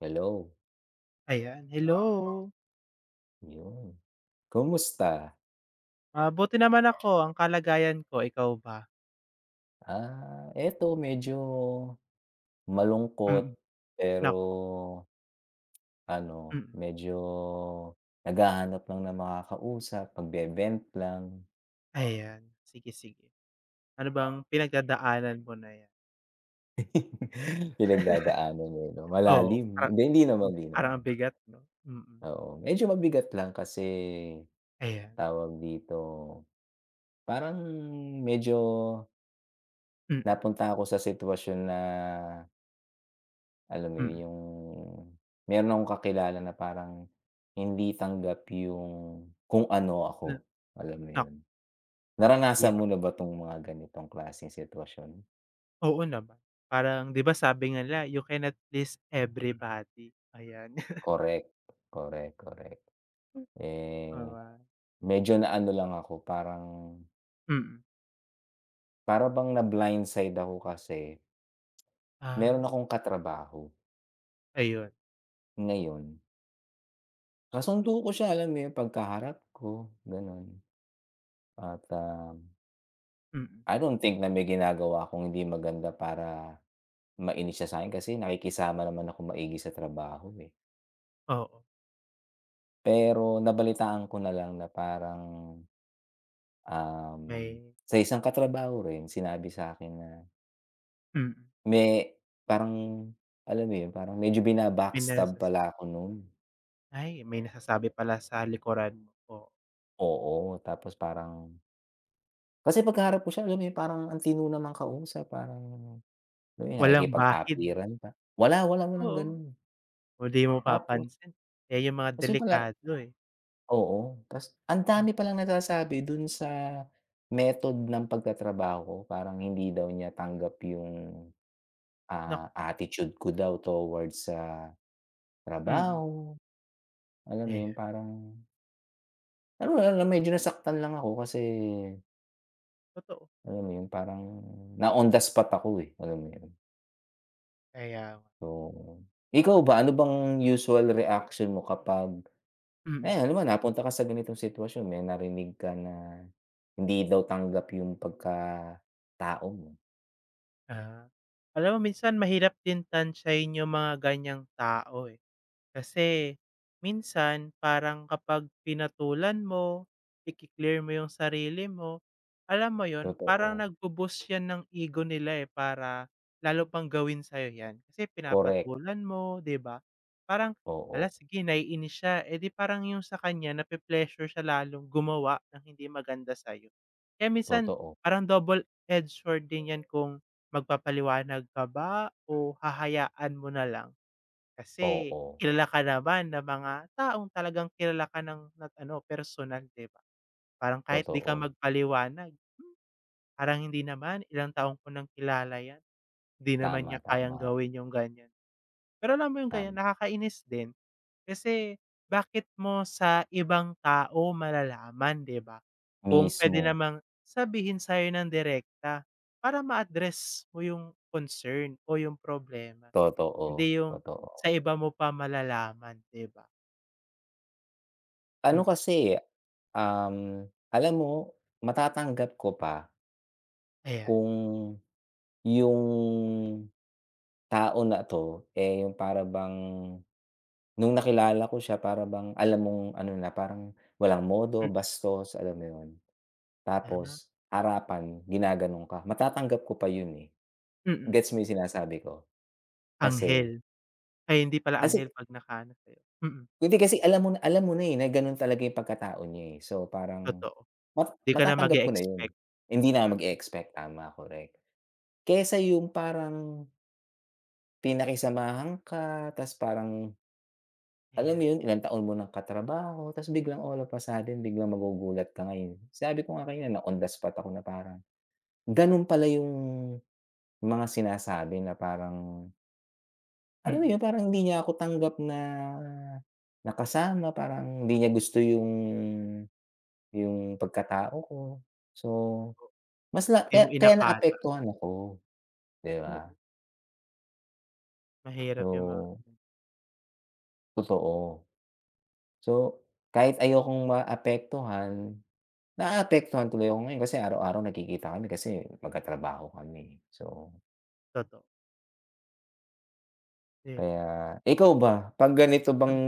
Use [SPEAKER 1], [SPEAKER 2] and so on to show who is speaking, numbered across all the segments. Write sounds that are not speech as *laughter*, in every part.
[SPEAKER 1] Hello.
[SPEAKER 2] Ayan, hello.
[SPEAKER 1] Yon, kamusta!
[SPEAKER 2] Ah, 'buti naman ako, ang kalagayan ko, ikaw ba?
[SPEAKER 1] Ah, ito medyo malungkot.
[SPEAKER 2] Mm,
[SPEAKER 1] Pero
[SPEAKER 2] naku.
[SPEAKER 1] ano,
[SPEAKER 2] Mm.
[SPEAKER 1] medyo naghahanap lang ng makakausap, magbe-vent lang.
[SPEAKER 2] Ayan, sige-sige. Ano bang pinagdadaanan mo na 'yan?
[SPEAKER 1] *laughs* Pinagdadaanan, eh 'no?
[SPEAKER 2] *laughs* Oo,
[SPEAKER 1] Malalim,
[SPEAKER 2] parang
[SPEAKER 1] hindi naman hindi
[SPEAKER 2] parang
[SPEAKER 1] naman.
[SPEAKER 2] ang bigat 'no? Mm.
[SPEAKER 1] Oo, medyo mabigat lang kasi
[SPEAKER 2] Ayan.
[SPEAKER 1] tawag dito, parang medyo
[SPEAKER 2] Mm.
[SPEAKER 1] Napunta ako sa situwasyon na alam mo yon,
[SPEAKER 2] Mm.
[SPEAKER 1] yong meron akong kakilala na parang hindi tanggap yong kung ano ako,
[SPEAKER 2] Hmm,
[SPEAKER 1] alam mo
[SPEAKER 2] naku.
[SPEAKER 1] yun? Naranasan
[SPEAKER 2] Hirap
[SPEAKER 1] mo na ba 'tong mga ganitong klaseng situwasyon?
[SPEAKER 2] Oo naman, parang 'di ba sabi nga nila, "You cannot please everybody." Ayan. *laughs*
[SPEAKER 1] Correct, correct, correct.
[SPEAKER 2] Hmm.
[SPEAKER 1] Eh,
[SPEAKER 2] O, ah.
[SPEAKER 1] medyo na-ano lang ako parang
[SPEAKER 2] Mm.
[SPEAKER 1] Para bang na blind side ako kasi meron
[SPEAKER 2] Ah.
[SPEAKER 1] akong katrabaho
[SPEAKER 2] Ayun.
[SPEAKER 1] ngayon. Kasundo ko siya, alam mo yun, 'pag kaharap ko, ganun at um
[SPEAKER 2] Mm.
[SPEAKER 1] I don't think na may ginagawa akong hindi maganda para mainis siya sa'kin kasi nakikisama naman akong maigi sa trabaho eh.
[SPEAKER 2] Oo.
[SPEAKER 1] Pero nabalitaan ko na lang na parang, um,
[SPEAKER 2] May
[SPEAKER 1] sa isang katrabaho rin sinabi sa'kin na
[SPEAKER 2] Mm.
[SPEAKER 1] may, parang alam mo yun, parang medyo bina-backstab
[SPEAKER 2] Pinasas
[SPEAKER 1] pala ako nun.
[SPEAKER 2] Ay, may nasasabi pala sa likuran mo po.
[SPEAKER 1] Oo, tapos parang kasi pagkaharap ko siya alam parang ang tino namang kausap, parang
[SPEAKER 2] Walang bahid, 'no?
[SPEAKER 1] nakikipag-apiran pa, wala wala walang
[SPEAKER 2] Oo,
[SPEAKER 1] ganun.
[SPEAKER 2] kung di mo
[SPEAKER 1] Tapos
[SPEAKER 2] mapapansin yan yung mga
[SPEAKER 1] Tas yun pala,
[SPEAKER 2] delikado eh.
[SPEAKER 1] oo, tas ang
[SPEAKER 2] Hmm.
[SPEAKER 1] dami palang nasasabi dun sa method ng pagtatrabaho ko, parang hindi daw niya tanggap yung,
[SPEAKER 2] Na
[SPEAKER 1] ah, attitude ko daw towards sa
[SPEAKER 2] Mm.
[SPEAKER 1] trabaho. Alam mo yun
[SPEAKER 2] Ayan.
[SPEAKER 1] parang Ano nga lang, medyo
[SPEAKER 2] Ta
[SPEAKER 1] nasaktan lang ako, kasi
[SPEAKER 2] Totoo.
[SPEAKER 1] alam mo yun, parang na-on-the-spot ako, eh, alam mo 'yon?
[SPEAKER 2] Kaya nga.
[SPEAKER 1] So, ikaw ba, ano bang usual reaction mo kapag,
[SPEAKER 2] Mm.
[SPEAKER 1] hayan, halimbawa napunta ka sa ganitong sitwasyon, may narinig ka na hindi daw tanggap yong pagkatao mo?
[SPEAKER 2] Ah, alam mo minsan mahirap din tantiyahin yung mga ganiyang tao, eh. Kasi minsan, parang kapag pinatulan mo, iki-clear mo yung sarili mo, alam mo 'yon? Parang,
[SPEAKER 1] Totoo.
[SPEAKER 2] nagbo-boost 'yan ng ego nila, eh, para lalo pang gawin sa 'yo 'yan. Kasi
[SPEAKER 1] Korek.
[SPEAKER 2] pinapatulan mo, 'di ba? Parang, hala,
[SPEAKER 1] Oo.
[SPEAKER 2] sige nai-inis siya, eh, 'di parang yung sa kaniya, nape-pleasure siya lalong gumawa ng hindi maganda sa 'yo. Eh, minsan
[SPEAKER 1] Totoo.
[SPEAKER 2] parang double-edged sword din 'yan kung magpapaliwanag ka ba o hahayaan mo nalang. Kasi,
[SPEAKER 1] Oo.
[SPEAKER 2] kilala ka naman ng mga taong, talagang kilala ka ng ng ano, personal, 'di ba? Parang, kahit 'di ka
[SPEAKER 1] Totoo.
[SPEAKER 2] magpaliwanag, "Hmm, parang hindi naman, ilang taon ko nang kilala 'yan. Di naman niya
[SPEAKER 1] Tama,
[SPEAKER 2] kayang
[SPEAKER 1] tama.
[SPEAKER 2] gawin yung ganiyan." Pero, alam mo yung ganiyan,
[SPEAKER 1] Tama.
[SPEAKER 2] nakakainis din, kasi bakit mo sa ibang tao malalaman, 'di ba? Kung puwede
[SPEAKER 1] Mismo.
[SPEAKER 2] namang sabihin sa 'yo nang direkta, para ma-address mo yung concern o yung problema.
[SPEAKER 1] Totoo,
[SPEAKER 2] Hindi yung
[SPEAKER 1] totoo.
[SPEAKER 2] sa iba mo pa malalaman, 'di ba?
[SPEAKER 1] Ano
[SPEAKER 2] Mm.
[SPEAKER 1] kasi, um, alam mo matatanggap ko pa
[SPEAKER 2] Ayan.
[SPEAKER 1] kung yung tao na 'to, eh, yung para bang nung nakilala
[SPEAKER 2] Ayun.
[SPEAKER 1] ko siya para bang alam mong ano, na parang walang modo
[SPEAKER 2] Mm.
[SPEAKER 1] bastos, alam mo yun,
[SPEAKER 2] Ah.
[SPEAKER 1] tapos harapan ginaganon ka. Matatanggap ko pa yun, eh.
[SPEAKER 2] Mm.
[SPEAKER 1] Gets mo sinasabi ko? Kasi
[SPEAKER 2] Anghel? Ay, hindi pala,
[SPEAKER 1] Asi
[SPEAKER 2] anghel 'pag nakaano sa'yo, mm.
[SPEAKER 1] Hindi, kasi alam mo na alam mo na eh, na ganun talaga yung pagkatao niya, eh. So, parang
[SPEAKER 2] Totoo,
[SPEAKER 1] ma
[SPEAKER 2] di ka na
[SPEAKER 1] matatanggap ko na yun,
[SPEAKER 2] mag-e-expect.
[SPEAKER 1] hindi na ako
[SPEAKER 2] Mm.
[SPEAKER 1] mag-e-expect, tama, correct. Kaysa yung parang pinakisamahan ka ta's parang, alam mo
[SPEAKER 2] Ayan.
[SPEAKER 1] yun, ilang taon mo ng katrabaho ta's biglang all of a sudden, biglang magugulat ka ngayon. Sabi ko nga kanina na on the spot ako na parang gano'n pala yung mga sinasabi na parang Alam mo
[SPEAKER 2] Mm.
[SPEAKER 1] yun, parang hindi niya ako tanggap na na kasama parang hindi niya gusto yung yung pagkatao ko. So,
[SPEAKER 2] O
[SPEAKER 1] mas na
[SPEAKER 2] Di
[SPEAKER 1] ka
[SPEAKER 2] mo
[SPEAKER 1] kaya
[SPEAKER 2] inakala.
[SPEAKER 1] naapektuhan ako, di ba?
[SPEAKER 2] Oo. Mahirap yung mga
[SPEAKER 1] So
[SPEAKER 2] ganun.
[SPEAKER 1] Totoo. So, kahit ayokong maapektuhan, naaapektuhan tuloy ako ngayon kasi araw-araw nagkikita kami kasi magkatrabaho kami. So
[SPEAKER 2] Totoo. Di ba?
[SPEAKER 1] Kaya, ikaw ba, 'pag ganito bang
[SPEAKER 2] Hmm.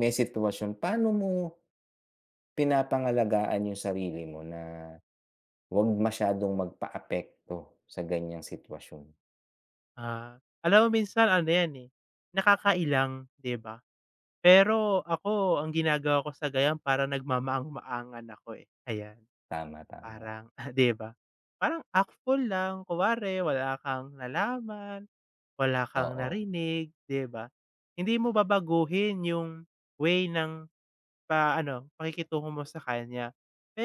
[SPEAKER 1] may sitwasyon, paano mo pinapangalagaan yung sarili mo na 'wag masyadong magpaapekto sa ganiyang sitwasyon?
[SPEAKER 2] Ah, alam mo minsan ano yan eh, nakakailang, di ba? Pero ako ang ginagawa ko sa ganiyan parang nagmamaang-maangan ako eh, ayan.
[SPEAKER 1] Tama, tama.
[SPEAKER 2] Parang, *chuckles* di ba, parang act fool lang, kunware, wala kang nalaman, wala kang
[SPEAKER 1] Oo.
[SPEAKER 2] narinig, di ba? Hindi mo babaguhin yung way ng pa ano pakikitungo mo sa kanya.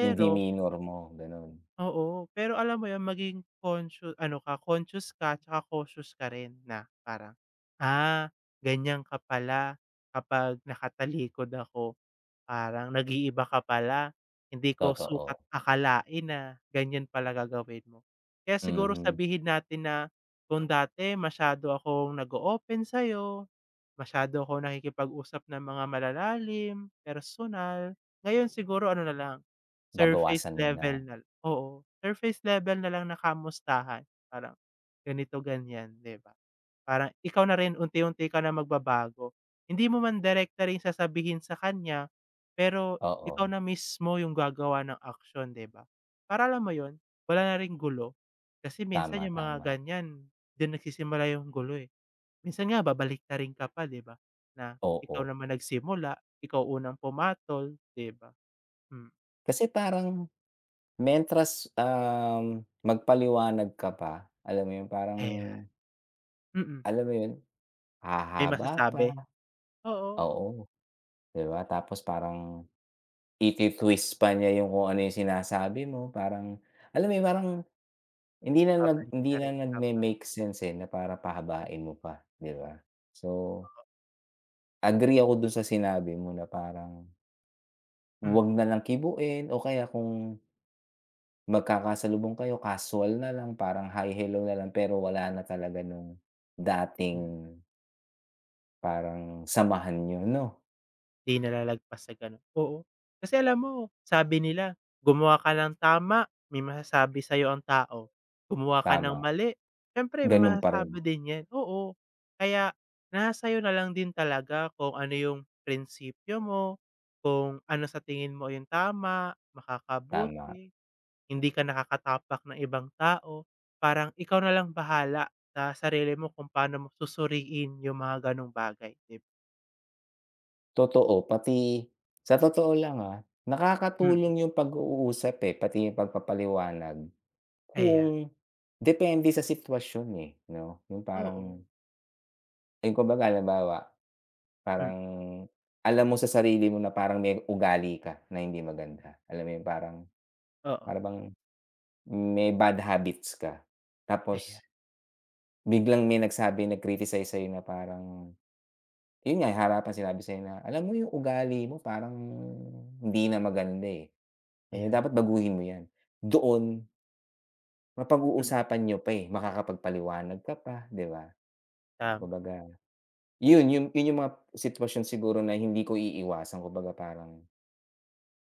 [SPEAKER 1] Yung demeanor mo, gano'n.
[SPEAKER 2] Oo, pero alam mo yun, maging conscio ano ka, conscious ka tsaka cautious ka rin na parang, ah, ganiyan ka pala kapag nakatalikod ako parang nag-iiba ka pala. Hindi ko sukat
[SPEAKER 1] Totoo.
[SPEAKER 2] akalain na ganiyan pala gagawin mo. Kaya siguro
[SPEAKER 1] Mm.
[SPEAKER 2] sabihin natin na kung dati masyado akong nag-o-open sa'yo, masyado akong nakikipag-usap ng mga malalalim, personal, ngayon siguro ano nalang, surface
[SPEAKER 1] Babawasan mo
[SPEAKER 2] level
[SPEAKER 1] na.
[SPEAKER 2] na, oo, surface level nalang na kamustahan, parang ganito, ganyan, di ba? Parang ikaw na rin unti-unti ka na magbabago hindi mo man direkta rin sasabihin sa kanya pero ikaw
[SPEAKER 1] Oo.
[SPEAKER 2] na mismo yung gagawa ng aksyon, di ba, para alam mo yun, wala na ring gulo. Kasi minsan
[SPEAKER 1] Tama,
[SPEAKER 2] yung mga
[SPEAKER 1] tama.
[SPEAKER 2] ganiyan, diyan nagsisimula yung gulo eh. Minsan nga babaliktarin ka pa, di ba, na ikaw
[SPEAKER 1] Oo.
[SPEAKER 2] naman nagsimula, ikaw unang pumatol di ba? Hmm.
[SPEAKER 1] Kasi parang, mentras um, magpaliwanag ka pa, alam mo 'yon, parang,
[SPEAKER 2] Ayan. Mm.
[SPEAKER 1] alam mo yun,
[SPEAKER 2] May
[SPEAKER 1] hahaba pa.
[SPEAKER 2] masasabi? Oo.
[SPEAKER 1] Oo, 'di ba? Tapos parang, iti-twist pa niya yung kung ano yung sinasabi mo. Parang, alam mo 'yon, parang, hindi na nag hindi na
[SPEAKER 2] Babaliktarin, tama?
[SPEAKER 1] nagme-make sense, eh, na para pahabain mo pa, 'di ba? So agree ako dun sa sinabi mo na parang, 'wag
[SPEAKER 2] Mm.
[SPEAKER 1] nalang kibuin. O kaya kung Magkakasalubong kayo, casual nalang parang, "Hi, Hello" na lang. Pero wala na talaga no'ng dating
[SPEAKER 2] Hmm.
[SPEAKER 1] Parang samahan niyo, 'no?
[SPEAKER 2] Di na lalagpas sa ganun. Oo. Kasi alam mo, sabi nila, "Gumawa ka ng tama, may masasabi sa 'yo ang tao. Gumawa ka ng
[SPEAKER 1] Tama.
[SPEAKER 2] mali, siyempre may
[SPEAKER 1] Ganun pa rin.
[SPEAKER 2] masasabi din 'yan." Oo. Kaya, nasa sa 'yo nalang din talaga kung ano yung prinspyo mo. Kung ano sa tingin mo yung tama,
[SPEAKER 1] Tama.
[SPEAKER 2] makakabuti. Hindi ka nakakatapak ng ibang tao. Parang ikaw nalang bahala sa sarili mo kung paano mo susuriin yung mga gano'ng bagay, dib
[SPEAKER 1] Totoo, pati sa totoo lang, ah,
[SPEAKER 2] Hmm.
[SPEAKER 1] nakakatulong yong pag-uusap, eh, pati yung pagpapaliwanag.
[SPEAKER 2] Kaya.
[SPEAKER 1] Kung depende sa situwasyon, eh, 'no? Yung parang
[SPEAKER 2] Oo.
[SPEAKER 1] Ay, kumbaga halimbawa,
[SPEAKER 2] Hmm.
[SPEAKER 1] parang alam mo sa sarili mo na parang may ugali ka na hindi maganda. Alam mo yung parang,
[SPEAKER 2] Oo.
[SPEAKER 1] para bang may bad habits ka. Tapos
[SPEAKER 2] Ayan.
[SPEAKER 1] Biglang may nagsabi, nag-criticize sa 'yo na parang, yun nga, eh, harapan sinabi sa 'yo na, "Alam mo yung ugali mo parang hindi na maganda, eh,
[SPEAKER 2] Ayan.
[SPEAKER 1] dapat baguhin mo 'yan." Doon
[SPEAKER 2] Hmm.
[SPEAKER 1] Mapag-uusapan niyo pa, eh, makakapagpaliwanag ka pa, 'di ba?
[SPEAKER 2] Tama.
[SPEAKER 1] Kumbaga, 'yon yong 'yon yong mga situwasyon siguro na hindi ko iiwasan. Kumbaga parang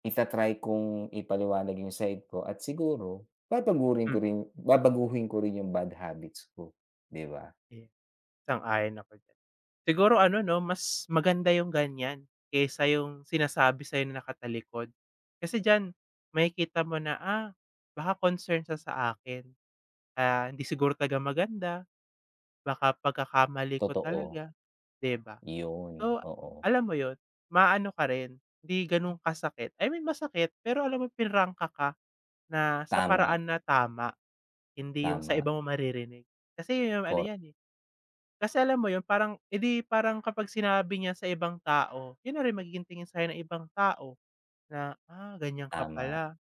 [SPEAKER 1] ita-try kong ipaliwanag yung side ko. At siguro, babagurin ko
[SPEAKER 2] Hmm.
[SPEAKER 1] rin babaguhin ko rin yung bad habits ko, 'di ba?
[SPEAKER 2] Eh, sang-ayon ako diyan. Siguro ano 'no, mas maganda yung ganyan, kaysa yung sinasabi sa 'yo na nakatalikod. Kasi diyan, makikita mo na, ah, baka concern siya sa akin. Kaya hindi siguro talaga maganda. Baka pagkakamali ko
[SPEAKER 1] Totoo.
[SPEAKER 2] talaga, 'di ba?
[SPEAKER 1] Yun,
[SPEAKER 2] So,
[SPEAKER 1] oo.
[SPEAKER 2] alam mo yun, ma-ano ka rin hindi ganun kasakit. I mean, masakit. Pero alam mo, pinrangka ka na, sa
[SPEAKER 1] Tama.
[SPEAKER 2] paraan na tama. Hindi yung sa
[SPEAKER 1] Tama.
[SPEAKER 2] iba mo maririnig. Kasi 'yon yong ano
[SPEAKER 1] Cor
[SPEAKER 2] yan, eh kasi alam mo 'yon parang, eh, di parang kapag sinabi niya sa ibang tao, yun na rin magiging tingin sa 'yo ng ibang tao na, "Ah ganyan ka
[SPEAKER 1] Tama.
[SPEAKER 2] pala."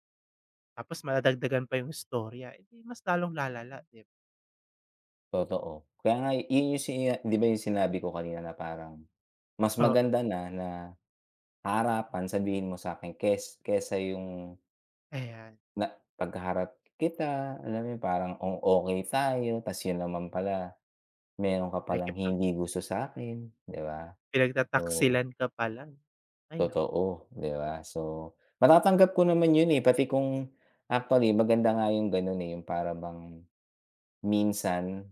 [SPEAKER 2] Tapos, madadagdagan pa yung istorya. Eh, di mas lalong lalala 'di ba?
[SPEAKER 1] Totoo. Kaya nga yun yung si iya 'di ba yung sinabi ko kanina na parang, mas
[SPEAKER 2] Oo.
[SPEAKER 1] maganda na na, ah, harapan, sabihin mo sa'kin kes kaysa yung
[SPEAKER 2] Ayan.
[SPEAKER 1] na 'pag kaharap kita, alam mo yun, parang ang okey tayo tas yun naman pala, meron ka pa lang
[SPEAKER 2] Nakikipag
[SPEAKER 1] hindi gusto sa'kin, 'di ba? So
[SPEAKER 2] Pinagtataksilan ka pala. Ay, naku.
[SPEAKER 1] Totoo, di ba? So matatanggap ko naman yun, eh, pati kung actually, maganda nga yung gano'n, eh, yung para bang, minsan,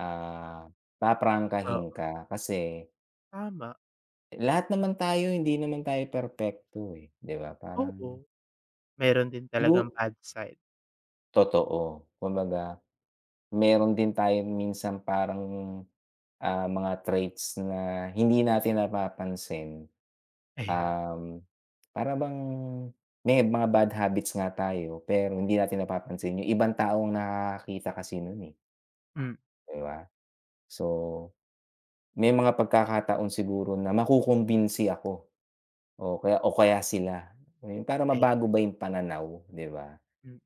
[SPEAKER 1] ah, paprangkahin
[SPEAKER 2] Oo.
[SPEAKER 1] ka kasi
[SPEAKER 2] Tama.
[SPEAKER 1] eh, lahat naman tayo, hindi naman tayo perpekto, eh, di ba? Parang
[SPEAKER 2] Oo. Meron din talagang
[SPEAKER 1] Igu
[SPEAKER 2] bad side.
[SPEAKER 1] Totoo. Kumbaga, meron din tayong minsan parang, ah, mga traits na hindi natin napapansin,
[SPEAKER 2] Ayan.
[SPEAKER 1] um, para bang, may mga bad habits nga tayo pero hindi natin napapansin yung ibang tao ang nakakakita kasi no'n, eh.
[SPEAKER 2] Hmm.
[SPEAKER 1] Di ba? So, may mga pagkakataon siguro na makukumbinsi ako o kaya o kaya sila. Yun, para
[SPEAKER 2] Ayan.
[SPEAKER 1] mabago ba yung pananaw, 'di ba?
[SPEAKER 2] Hmm.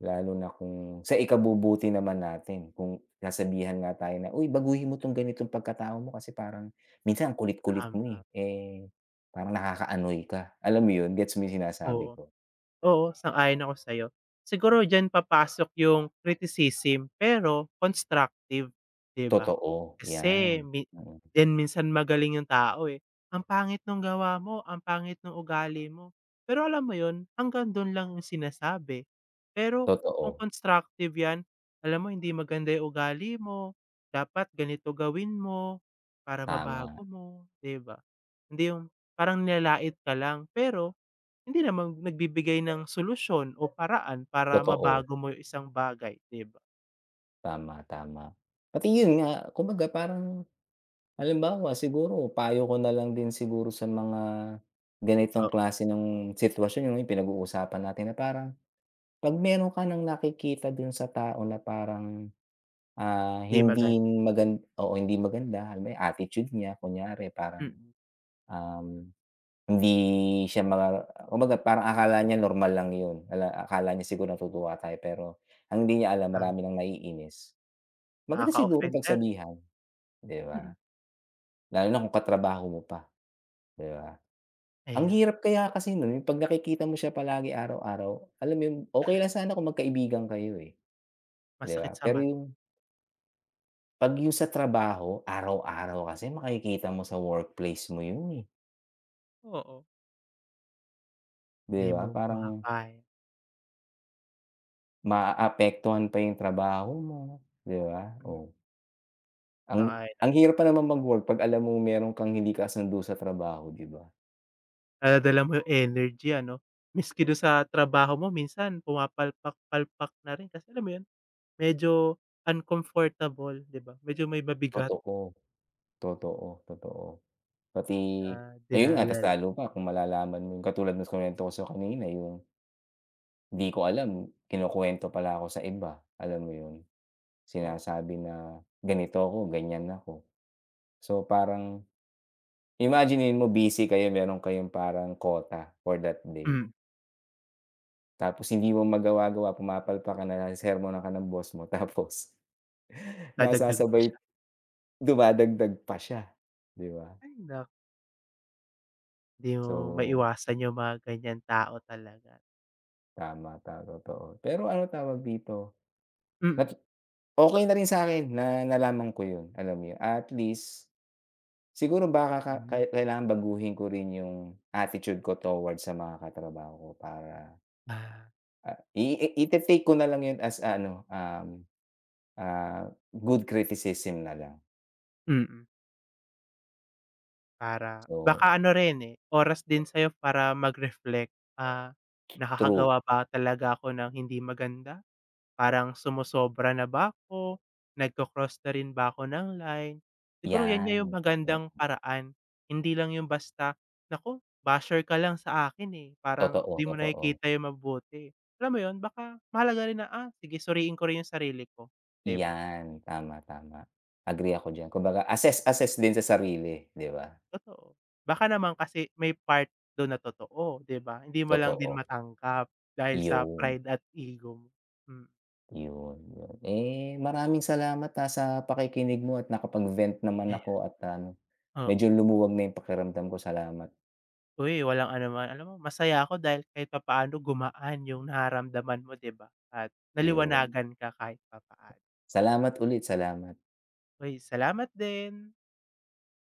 [SPEAKER 1] Lalo na kung sa ikabubuti naman natin. Kung sasabihan nga tayo na, "Uy baguhin mo 'tong ganitong pagkatao mo, kasi parang minsan ang kulit-kulit mo,
[SPEAKER 2] Tama.
[SPEAKER 1] eh. Parang nakaka-annoy ka." Alam mo yun? Gets mo yung sinasabi
[SPEAKER 2] Oo.
[SPEAKER 1] ko?
[SPEAKER 2] Oo, sang-ayon ako sa'yo. Siguro diyan papasok yung criticism, pero constructive, 'di ba?
[SPEAKER 1] Totoo, yan.
[SPEAKER 2] Kasi min
[SPEAKER 1] Mm.
[SPEAKER 2] 'di din minsan magaling yung tao, eh, "Ang pangit nung gawa mo. Ang pangit nung ugali mo." Pero alam mo yun? Hanggang dun lang yung sinasabi, pero kung
[SPEAKER 1] Totoo.
[SPEAKER 2] constructive 'yan, "Alam mo hindi maganda yung ugali mo. Dapat ganito gawin mo, para
[SPEAKER 1] Tama.
[SPEAKER 2] mabago mo." 'di ba? Hindi yung parang nilalait ka lang pero, hindi naman nagbi-bigay ng solusyon o paraan para
[SPEAKER 1] Totoo.
[SPEAKER 2] mabago mo yung isang bagay, 'di ba?
[SPEAKER 1] Tama, tama. Pati yun nga, kumbaga parang halimbawa siguro payo ko nalang din siguro sa mga ganitong
[SPEAKER 2] Oo.
[SPEAKER 1] klase ng situwasyon, 'no, yung pinag-uusapan natin na parang, 'pag meron ka nang nakikita dun sa tao na parang, ah,
[SPEAKER 2] 'Di
[SPEAKER 1] hindi
[SPEAKER 2] maganda.
[SPEAKER 1] magan oo hindi maganda, yung attitude niya, kunyari parang,
[SPEAKER 2] Mm.
[SPEAKER 1] um, hindi siya ma kumbaga parang akala niya normal lang yun. Akala niya siguro natutuwa tayo, pero, ang hindi niya alam
[SPEAKER 2] Tama.
[SPEAKER 1] marami nang naiinis. Maganda siguro
[SPEAKER 2] Nakaka-offend na rin.
[SPEAKER 1] pagsabihan, 'di ba?
[SPEAKER 2] Mm.
[SPEAKER 1] Lalo na
[SPEAKER 2] Ap
[SPEAKER 1] kung ka-trabaho mo pa, 'di ba? Ang
[SPEAKER 2] Aya
[SPEAKER 1] hirap kaya kasi no'n, yung 'pag nakikita mo siya palagi araw-araw. Alam mo yon, okey
[SPEAKER 2] *scoffs*
[SPEAKER 1] lang sana kung mag-kaibigan kayo, eh, 'di
[SPEAKER 2] Masakit
[SPEAKER 1] ba?
[SPEAKER 2] sa
[SPEAKER 1] Pero
[SPEAKER 2] mata.
[SPEAKER 1] yung Pag yong sa trabaho, araw-araw kasi makikita mo sa workplace mo yun, eh.
[SPEAKER 2] Oo.
[SPEAKER 1] Di
[SPEAKER 2] Di
[SPEAKER 1] ba?
[SPEAKER 2] mo
[SPEAKER 1] Parang
[SPEAKER 2] makakaya.
[SPEAKER 1] Maaapektuhan pa yong trabaho mo, 'di ba?
[SPEAKER 2] Hmm.
[SPEAKER 1] Oh. Ang
[SPEAKER 2] Sang-ayon ako.
[SPEAKER 1] ang hirap pa naman mag-work, 'pag alam mong meron kang hindi kasundo sa trabaho, 'di ba?
[SPEAKER 2] Daladala mo yung energy ano? Miski dun sa trabaho mo, minsan pumapalpak-palpak na rin. Kasi alam mo 'yon, medyo uncomfortable 'di ba? Medyo may mabigat.
[SPEAKER 1] Totoo, totoo, totoo. Pati,
[SPEAKER 2] Ah,
[SPEAKER 1] ayon nga, mas
[SPEAKER 2] dinadala.
[SPEAKER 1] lalo pa kung malalaman mo yung katulad ng kinuwento ko sa 'yo kanina, yung di ko alam, kinukuwento pala ako sa iba, alam mo yun?
[SPEAKER 2] Oo.
[SPEAKER 1] Sinasabi na ganito ako, ganiyan ako. So parang, imaginin mo busy kayo, meron kayong parang quota for that day.
[SPEAKER 2] Mm.
[SPEAKER 1] Tapos, hindi mo magawa-gawa, pumapalpak ka, nasesermunan ka ng boss mo. Tapos,
[SPEAKER 2] Dadagdag pa siya.
[SPEAKER 1] nasasabay, dumadagdag pa siya, 'di ba?
[SPEAKER 2] Ay, nak Di mo
[SPEAKER 1] So
[SPEAKER 2] maiwasan 'yung mga ganiyang tao talaga.
[SPEAKER 1] Tama. Ta totoo. Pero ano tawag dito, natu
[SPEAKER 2] Mm.
[SPEAKER 1] okey na rin sa'kin na nalaman ko 'yun. Alam mo 'yun, a at least, siguro baka ka
[SPEAKER 2] Hmm.
[SPEAKER 1] kahit kailangan baguhin ko rin 'yung attitude ko towards sa mga katrabaho ko, para
[SPEAKER 2] Ah.
[SPEAKER 1] Ah, i i ita-take ko na lang 'yun as, ah, ano, um, ah, good criticism na lang.
[SPEAKER 2] Mm. Para
[SPEAKER 1] So
[SPEAKER 2] baka ano rin, eh, oras din sa'yo para mag-reflect, ah,
[SPEAKER 1] True.
[SPEAKER 2] "Nakakagawa pa talaga ako ng hindi maganda? Parang sumosobra na ba ako? Nagko-cross na rin ba ako ng line?" Siguro 'yan nga 'yung
[SPEAKER 1] 'Yan, oo.
[SPEAKER 2] magandang paraan, hindi lang 'yung basta, "Naku basher ka lang sa akin, eh, parang
[SPEAKER 1] Totoo,
[SPEAKER 2] di mo
[SPEAKER 1] totoo.
[SPEAKER 2] nakikita 'yung mabuti." Alam mo 'yun, baka mahalaga rin na, "Ah, sige suriin ko rin 'yung sarili ko." 'Di ba?
[SPEAKER 1] 'Yan. Tama, tama, agree ako diyan. Kumbaga assess, assess din sa sarili, 'di ba?
[SPEAKER 2] Totoo, baka naman kasi may part do'n na totoo, di ba? Hindi mo lang din
[SPEAKER 1] Totoo.
[SPEAKER 2] matanggap dahil sa
[SPEAKER 1] 'Yun.
[SPEAKER 2] pride at ego mo, hmm.
[SPEAKER 1] 'Yun, 'yun, eh, maraming salamat, ah, sa pakikinig mo at nakapag-vent naman
[SPEAKER 2] Ayan.
[SPEAKER 1] ako at ano medyo
[SPEAKER 2] Oo.
[SPEAKER 1] lumuwag na 'yung pakiramdam ko. Salamat.
[SPEAKER 2] Uy, walang anuman. Alam mo masaya ako dahil kahit papaano gumaan 'yung nararamdaman mo, di ba? At
[SPEAKER 1] 'Yun.
[SPEAKER 2] naliwanagan ka kahit papaano.
[SPEAKER 1] Salamat ulit. Salamat.
[SPEAKER 2] Uy, salamat din.